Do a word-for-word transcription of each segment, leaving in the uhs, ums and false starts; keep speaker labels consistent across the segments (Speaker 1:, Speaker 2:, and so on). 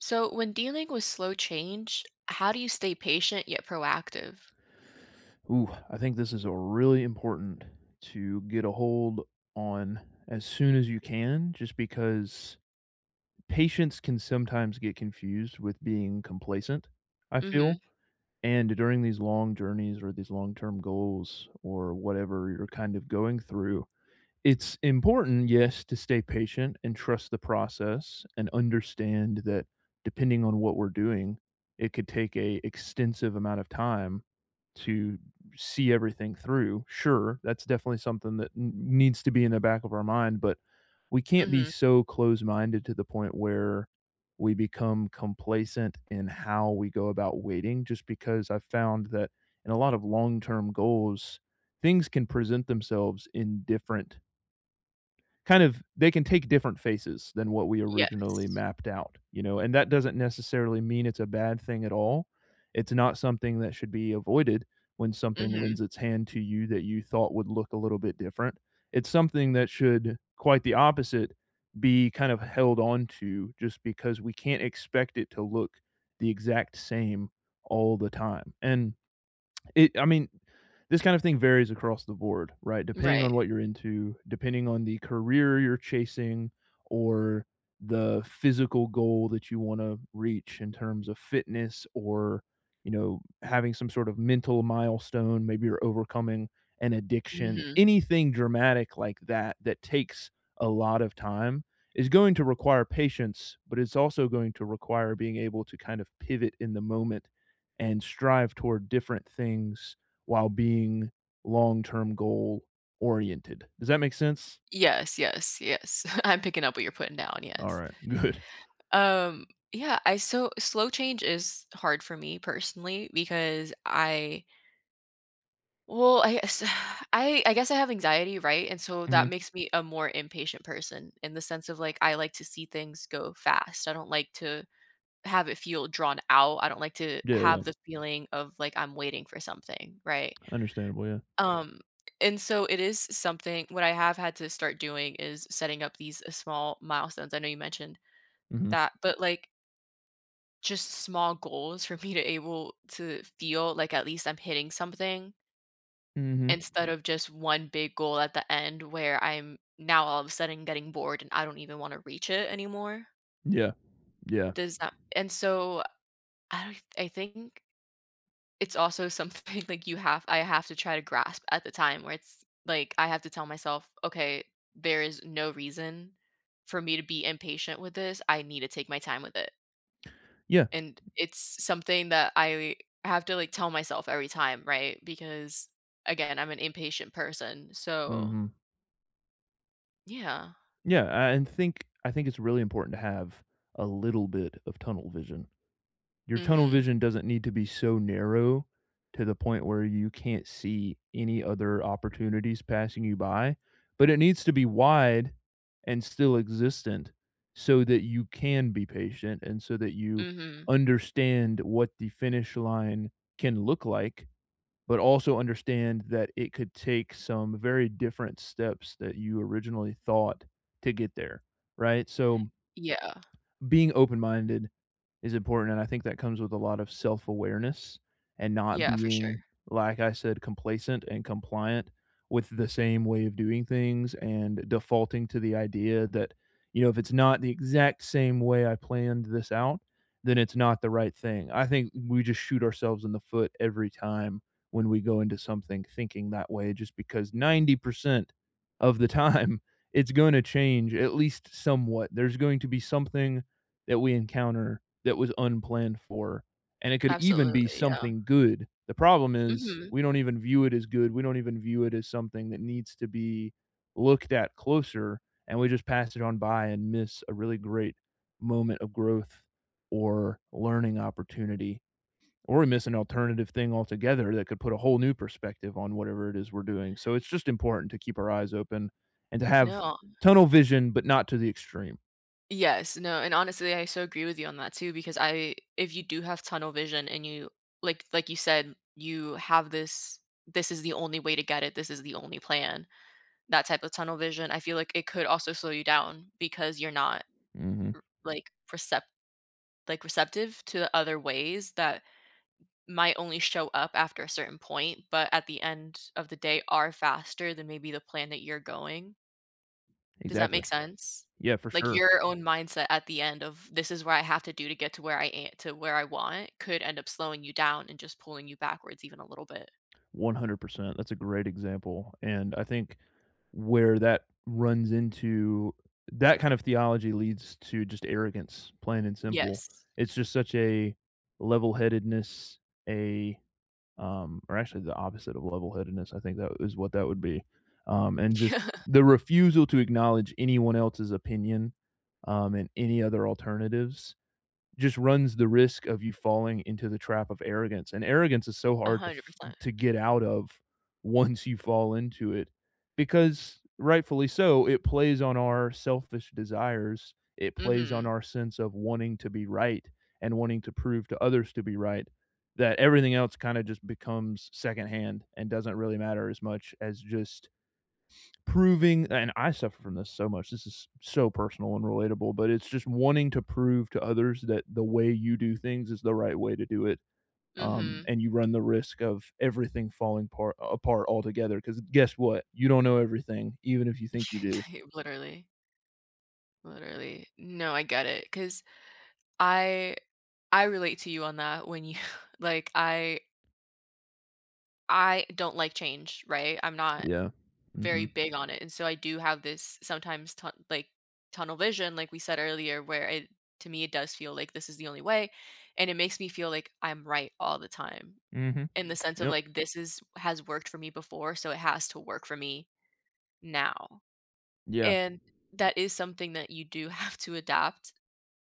Speaker 1: So, when dealing with slow change, how do you stay patient yet proactive?
Speaker 2: Ooh, I think this is a really important to get a hold on as soon as you can just because, patience can sometimes get confused with being complacent, I
Speaker 1: Mhm.
Speaker 2: feel. And during these long journeys or these long-term goals or whatever you're kind of going through, it's important, yes, to stay patient and trust the process and understand that depending on what we're doing, it could take a extensive amount of time to see everything through sure, that's definitely something that n needs to be in the back of our mind, but we can't be
Speaker 1: Mhm.
Speaker 2: so close-minded to the point where we become complacent in how we go about waiting, just because I've found that in a lot of long-term goals, things can present themselves in different kind of they can take different faces than what we originally
Speaker 1: Yes.
Speaker 2: mapped out, you know? And that doesn't necessarily mean it's a bad thing at all. It's not something that should be avoided when something lends
Speaker 1: Mhm.
Speaker 2: its hand to you that you thought would look a little bit different. It's something that should, quite the opposite, be kind of held onto just because we can't expect it to look the exact same all the time. And it I mean, this kind of thing varies across the board, right? Depending
Speaker 1: Right.
Speaker 2: on what you're into, depending on the career you're chasing, or the physical goal that you wanna reach in terms of fitness, or, you know, having some sort of mental milestone. Maybe you're overcoming an addiction.
Speaker 1: Mhm.
Speaker 2: Anything dramatic like that that takes a lot of time is going to require patience, but it's also going to require being able to kind of pivot in the moment and strive toward different things while being long-term goal oriented. Does that make sense?
Speaker 1: Yes, yes, yes. I'm picking up what you're putting down, yes.
Speaker 2: Alright. Good.
Speaker 1: Um, yeah, I, so slow change is hard for me, personally because I well, I, uh, s I I guess I have anxiety, right, and so that
Speaker 2: Mhm.
Speaker 1: makes me a more impatient person, in the sense of, like, I like to see things go fast. I don't like to have it feel drawn out. I don't like to
Speaker 2: Yeah,
Speaker 1: have
Speaker 2: yeah.
Speaker 1: the feeling of, like, I'm waiting for something, right?
Speaker 2: Understandable, yeah.
Speaker 1: Um, and so it is s something what I have had to start doing is setting up these s small milestones. I know you mentioned
Speaker 2: Mhm.
Speaker 1: that, but, like just s small goals for me to able, to feel, like, at least I'm hitting something
Speaker 2: Mhm.
Speaker 1: instead of just one big goal at the end where I'm now all of a sudden getting bored and I don't even wanna reach it anymore.
Speaker 2: Yeah, yeah.
Speaker 1: Does that and so I don't I think it's also something, like, you have I have to try to grasp at the time where it's like, I have to tell myself, "Okay, there is no reason for me to be impatient with this. I need to take my time with it."
Speaker 2: Yeah.
Speaker 1: And it's something that I have to, like, tell myself every time, right, because, again, I'm an impatient person, so
Speaker 2: Mhm.
Speaker 1: Yeah.
Speaker 2: Yeah, a and think I think it's really important to have a little bit of tunnel vision. Your tunnel
Speaker 1: Mhm.
Speaker 2: vision doesn't need to be so narrow to the point where you can't see any other opportunities passing you by, but it needs to be wide and still existent so that you can be patient and so that you
Speaker 1: Mhm.
Speaker 2: understand what the finish line can look like, but also understand that it could take some very different steps that you originally thought to get there, right, so
Speaker 1: Yeah.
Speaker 2: being open-minded is important, and I think that comes with a lot of self-awareness and not
Speaker 1: Yeah, for sure.
Speaker 2: being, like I said, complacent and compliant with the same way of doing things and defaulting to the idea that, you know, "If it's not the exact same way I planned this out, then it's not the right thing." I think we just shoot ourselves in the foot every time when we go into something thinking that way just because ninety percent of the time, it's gonna change at least somewhat, there's going to be something that we encounter that was unplanned for, and it could even be
Speaker 1: Absolutely, yeah.
Speaker 2: something good. The problem is
Speaker 1: Mhm.
Speaker 2: we don't even view it as good; we don't even view it as something that needs to be looked at closer, and we just pass it on by and miss a really great moment of growth or learning opportunity or miss an alternative thing altogether that could put a whole new perspective on whatever it is we're doing, so it's just important to keep our eyes open and to have
Speaker 1: No.
Speaker 2: tunnel vision, but not to the extreme.
Speaker 1: Yes, no, and, honestly, I so agree with you on that too, because I if you do have tunnel vision and you, like like you said, you have this, "This is the only way to get it. This is the only plan," that type of tunnel vision, I feel like it could also slow you down because you're not,
Speaker 2: Mhm.
Speaker 1: r like, percept like, receptive to other ways that might only show up after a certain point, but at the end of the day are faster than maybe the plan that you're going. Does that
Speaker 2: Exactly.
Speaker 1: make sense?
Speaker 2: Yeah, for
Speaker 1: Like,
Speaker 2: sure.
Speaker 1: your own mindset at the end of, "This is what I have to do to get to where I am to where I want," could end up slowing you down, and just pulling you backwards even a little bit.
Speaker 2: one hundred percent, that's a great example. And I think where that runs into that kind of theology leads to just arrogance, plain and simple.
Speaker 1: Yes.
Speaker 2: It's just such a level-headedness, a, um or actually, the opposite of level-headedness I think that is what that would be. Um, and just
Speaker 1: Yeah.
Speaker 2: the refusal to acknowledge anyone else's opinion, um, and any other alternatives just runs the risk of you falling into the trap of arrogance, and arrogance is so
Speaker 1: a
Speaker 2: hard to
Speaker 1: hundred
Speaker 2: f
Speaker 1: percent
Speaker 2: to get out of once you fall into it, because, rightfully so, it plays on our selfish desires. It plays on
Speaker 1: Mhm.
Speaker 2: our sense of wanting to be right and wanting to prove to others to be right that everything else kinda just becomes secondhand and doesn't really matter as much as just proving and I suffer from this so much, this is so personal and relatable, but it's just wanting to prove to others that the way you do things is the right way to do it, um,
Speaker 1: Mhm.
Speaker 2: and you run the risk of everything falling part apart altogether. 'Cause guess what? You don't know everything, even if you think you do.
Speaker 1: Literally. Literally. No, I get it, 'cause I I relate to you on that when you like, I I don't like change, right? I'm not
Speaker 2: Yeah.
Speaker 1: very
Speaker 2: Mhm.
Speaker 1: big on it, and so I do have this sometimes, tun like, tunnel vision, like we said earlier, where it to me it does feel like this is the only way, and it makes me feel like I'm right all the time,
Speaker 2: Mhm.
Speaker 1: in the sense of,
Speaker 2: Yep.
Speaker 1: like, this is has worked for me before, so it has to work for me now.
Speaker 2: Yeah.
Speaker 1: And, that is something that you do have to adapt,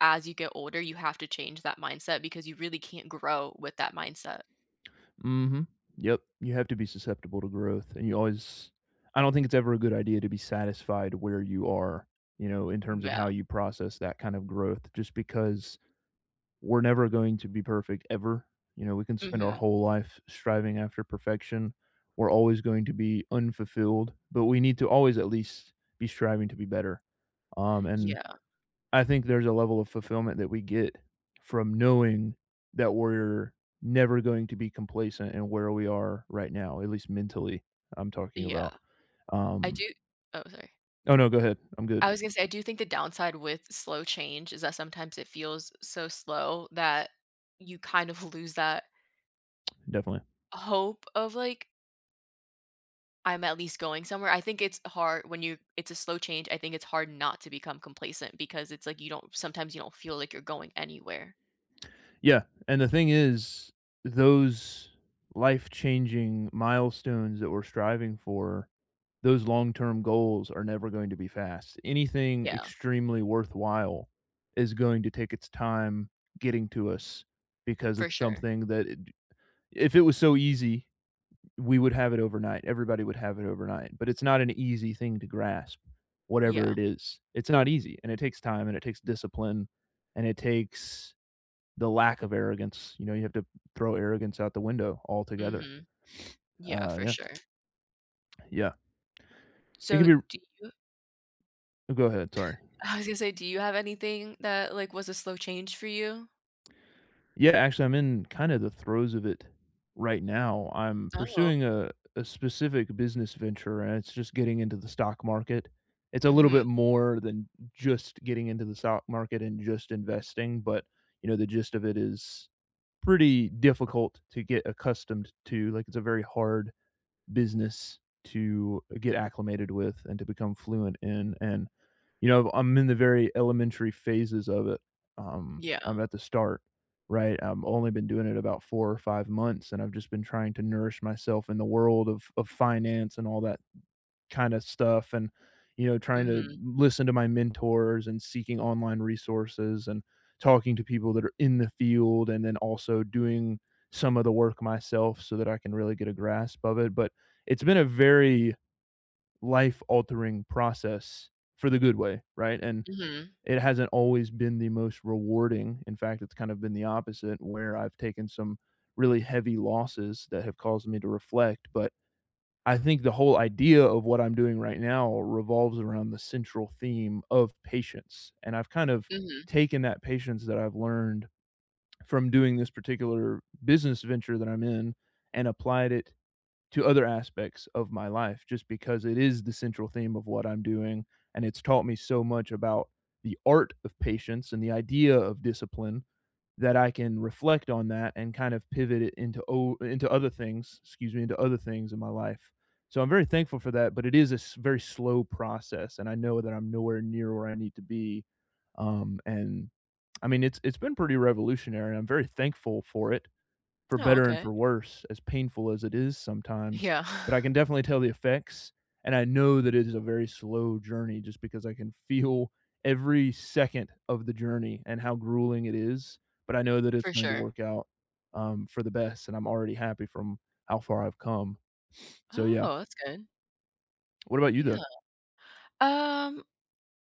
Speaker 1: as you get older, you have to change that mindset because you really can't grow with that mindset.
Speaker 2: Mhm. Yep. You have to be susceptible to growth, and you always I don't think it's ever a good idea to be satisfied where you are, you know, in terms of how
Speaker 1: Yeah.
Speaker 2: you process that kind of growth just because we're never going to be perfect ever. You know, we can spend our
Speaker 1: Mhm.
Speaker 2: whole life striving after perfection. We're always going to be unfulfilled, but we need to always at least be striving to be better, um, and
Speaker 1: Yeah.
Speaker 2: I think there's a level of fulfillment that we get from knowing that we're never going to be complacent in where we are right now, at least mentally, I'm talking
Speaker 1: Yeah.
Speaker 2: about.
Speaker 1: I
Speaker 2: Um...
Speaker 1: do oh, sorry.
Speaker 2: Oh, no, go ahead. I'm good.
Speaker 1: I was gonna say, I do think the downside with slow change is that sometimes it feels so slow that you kind of lose that
Speaker 2: Definitely.
Speaker 1: hope of, like I'm at least going somewhere. I think it's har when you it's a slow change, I think it's hard not to become complacent because it's like you don't sometimes you don't feel like you're going anywhere.
Speaker 2: Yeah. And the thing is, those life-changing milestones that we're striving for, those long-term goals are never going to be fast. Anything
Speaker 1: Yeah.
Speaker 2: extremely worthwhile is going to take its time getting to us, because
Speaker 1: For
Speaker 2: it's
Speaker 1: sure.
Speaker 2: something that if it was so easy, we would have it overnight, everybody would have it overnight, but it's not an easy thing to grasp, whatever it
Speaker 1: Yeah.
Speaker 2: is. It's not easy, and it takes time, and it takes discipline, and it takes the lack of arrogance, you know, you have to throw arrogance out the window altogether.
Speaker 1: Mhm. Yeah,
Speaker 2: Uh,
Speaker 1: for
Speaker 2: yeah.
Speaker 1: sure.
Speaker 2: Yeah. It can
Speaker 1: So
Speaker 2: be
Speaker 1: do you
Speaker 2: You go ahead, sorry.
Speaker 1: I was gonna say, do you have anything that, like, was a slow change for you?
Speaker 2: Yeah, actually, I'm in kind of the throes of it right now. I'm
Speaker 1: Oh.
Speaker 2: pursuing a a specific business venture, and it's just getting into the stock market. It's a little bit
Speaker 1: Mhm.
Speaker 2: more than just getting into the stock market and just investing, but, you know, the gist of it is pretty difficult to get accustomed to, like, it's a very hard business to get acclimated with and to become fluent in. And, you know, I'm in the very elementary phases of it. Um,
Speaker 1: Yeah.
Speaker 2: I'm at the start, right? I've only been doing it about four or five months, and I've just been trying to nourish myself in the world of of finance and all that kinda stuff, and, you know, trying to
Speaker 1: Mhm.
Speaker 2: listen to my mentors and seeking online resources and talking to people that are in the field, and then also doing some of the work myself so that I can really get a grasp of it. But it's been a very life-altering process for the good way. Right, and
Speaker 1: Mhm.
Speaker 2: it hasn't always been the most rewarding. In fact, it's kind of been the opposite where I've taken some really heavy losses that have caused me to reflect. But I think the whole idea of what I'm doing right now revolves around the central theme of patience, and I've kind of
Speaker 1: Mhm.
Speaker 2: taken that patience that I've learned from doing this particular business venture that I'm in, and applied it to other aspects of my life, just because it is the central theme of what I'm doing, and it's taught me so much about the art of patience and the idea of discipline that I can reflect on that and kind of pivot it into o into other things- excuse me- into other things in my life. So I'm very thankful for that, but it is a s very slow process, and I know that I'm nowhere near where I need to be. Um, and, I mean, it's it's been pretty revolutionary. I'm very thankful for it, for
Speaker 1: Oh,
Speaker 2: better and
Speaker 1: okay.
Speaker 2: for worse, as painful as it is sometimes.
Speaker 1: Yeah.
Speaker 2: But I can definitely tell the effects, and I know that it is a very slow journey just because I can feel every second of the journey and how grueling it is, but I know that it's
Speaker 1: For
Speaker 2: going to
Speaker 1: sure.
Speaker 2: work out, um, for the best, and I'm already happy from how far I've come. So yeah.
Speaker 1: Oh, that's good.
Speaker 2: What about you,
Speaker 1: Yeah.
Speaker 2: though?
Speaker 1: Um,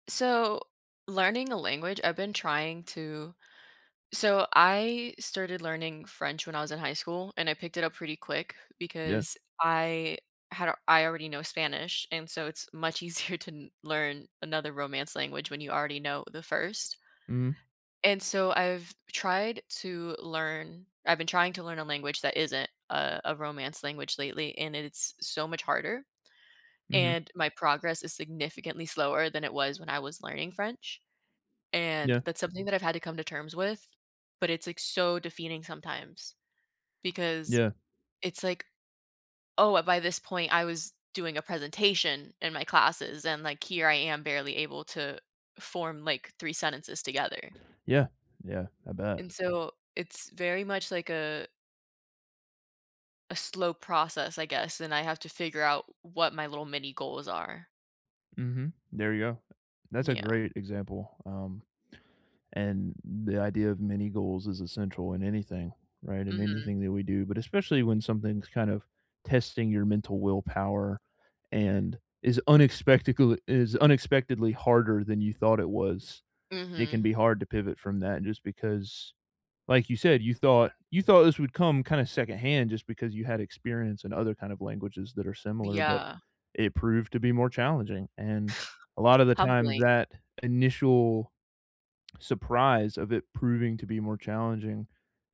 Speaker 1: so learning a language, I've been trying to so I started learning French when I was in high school, and I picked it up pretty quick
Speaker 2: Yeah.
Speaker 1: because I had I already know Spanish, and so it's much easier to kn learn another romance language when you already know the first
Speaker 2: Mhm.
Speaker 1: and so, I've tried to learn I've been trying to learn a language that isn't, uh, a romance language lately, and it it's so much harder,
Speaker 2: Mhm.
Speaker 1: and my progress is significantly slower than it was when I was learning French. And
Speaker 2: Yeah.
Speaker 1: that's something that I've had to come to terms with, but it's, like, so defeating sometimes because
Speaker 2: Yeah.
Speaker 1: it's like, oh, wha by this point, I was doing a presentation in my classes and, like, here I am barely able to form, like, three sentences together.
Speaker 2: Yeah. Yeah. I bet.
Speaker 1: And so it's very much like a a slow process, I guess, and I have to figure out w what my little mini goals are.
Speaker 2: Mhm. There you go. That's
Speaker 1: N
Speaker 2: a
Speaker 1: yeah.
Speaker 2: great example, um, and the idea of many goals is essential in anything, right, in
Speaker 1: Mhm.
Speaker 2: anything that we do, but especially when something's kind of testing your mental willpower and is unexpectacle it is unexpectedly harder than you thought it was. It can
Speaker 1: Mhm.
Speaker 2: be hard to pivot from that just because, like you said, you thought you thought this would come kinda secondhand just because you had experience in other kind of languages that are similar, but
Speaker 1: Yeah.
Speaker 2: it proved to be more challenging, and a lotta the time
Speaker 1: Humbling.
Speaker 2: that initial surprise of it proving to be more challenging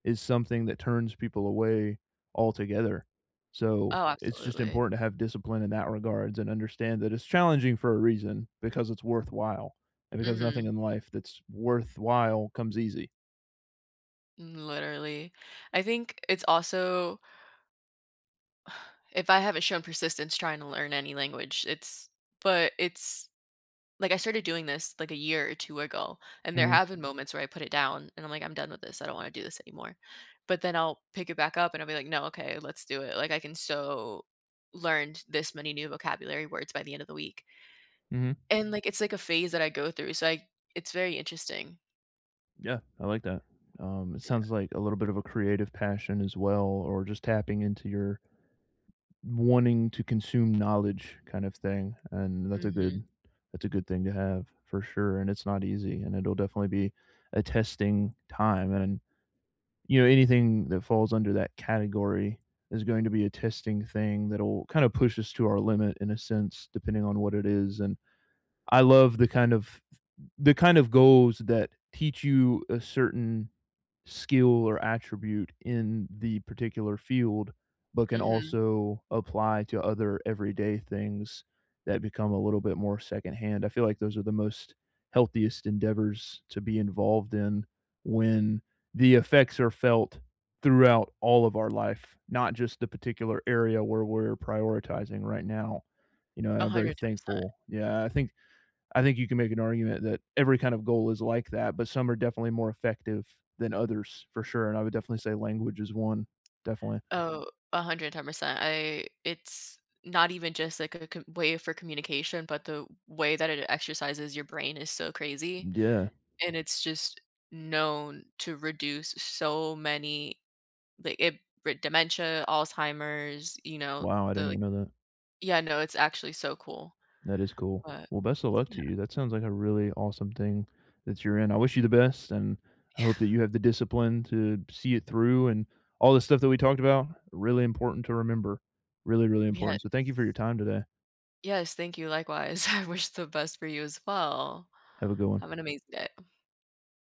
Speaker 2: is something that turns people away altogether. So,
Speaker 1: Oh,
Speaker 2: it's just
Speaker 1: absolutely.
Speaker 2: important to have discipline in that regards and understand that it's challenging for a reason because it's worthwhile, and because nothing
Speaker 1: Mhm.
Speaker 2: in life that's worthwhile comes easy.
Speaker 1: Mm, literally. I think it's also if I haven't shown persistence tryna learn any language, it's but it's like, I started doing this, like, a year or two ago, and there
Speaker 2: Mm.
Speaker 1: have been moments where I put it down, and I'm like, "I'm done with this, I don't wanna do this anymore." But then I'll pick it back up, and I'll be like, "No, okay, let's do it," like, I can so learned this many new vocabulary words by the end of the week
Speaker 2: Mhm.
Speaker 1: and, like, it's, like, a phase that I go through, it's, like it's very interesting.
Speaker 2: Yeah, I like that, um, it
Speaker 1: Yeah.
Speaker 2: sounds like a little bit of a creative passion as well, or just tapping into your wanting to consume knowledge kind of thing, and that's a
Speaker 1: Mhm.
Speaker 2: good that's a good thing to have, for sure, and it's not easy, and it'll definitely be a testing time, and, you know, anything that falls under that category is going to be a testing thing that'll kinda push us to our limit in a sense, depending on what it is, and I love the kind of the kind of goals that teach you a certain skill or attribute in the particular field, but can
Speaker 1: Mhm.
Speaker 2: also apply to other everyday things that become a little bit more secondhand, I feel like those are the most healthiest endeavors to be involved in, when the effects are felt throughout all of our life, not just the particular area where we're prioritizing right now, you know, and
Speaker 1: a
Speaker 2: I'm very
Speaker 1: hundred ten percent.
Speaker 2: thankful. Yeah. I think I think you can make an argument that every kind of goal is like that, but some are definitely more effective than others for sure, and I would definitely say language is one, definitely.
Speaker 1: Oh, a hundred ten percent. I it's not even just, like, co a way for communication, but the way that it exercises your brain is so crazy,
Speaker 2: Yeah.
Speaker 1: and it's just known to reduce so many, like, it for dementia, Alzheimer's, you know,
Speaker 2: Wow, I
Speaker 1: the,
Speaker 2: didn't even
Speaker 1: like
Speaker 2: know that.
Speaker 1: Yeah, no, it's actually so cool,
Speaker 2: That is cool,
Speaker 1: but,
Speaker 2: well, best a luck
Speaker 1: yeah
Speaker 2: to you, that sounds like a really awesome thing that you're in, I wish you the best, and I hope that
Speaker 1: Yeah.
Speaker 2: you have the discipline to see it through, and all the stuff that we talked about, really important to remember, really, really
Speaker 1: Yes.
Speaker 2: important. So thank you for your time today.
Speaker 1: Yes, thank you, likewise. I wish the best for you as well.
Speaker 2: Have a good one.
Speaker 1: Have an amazing day.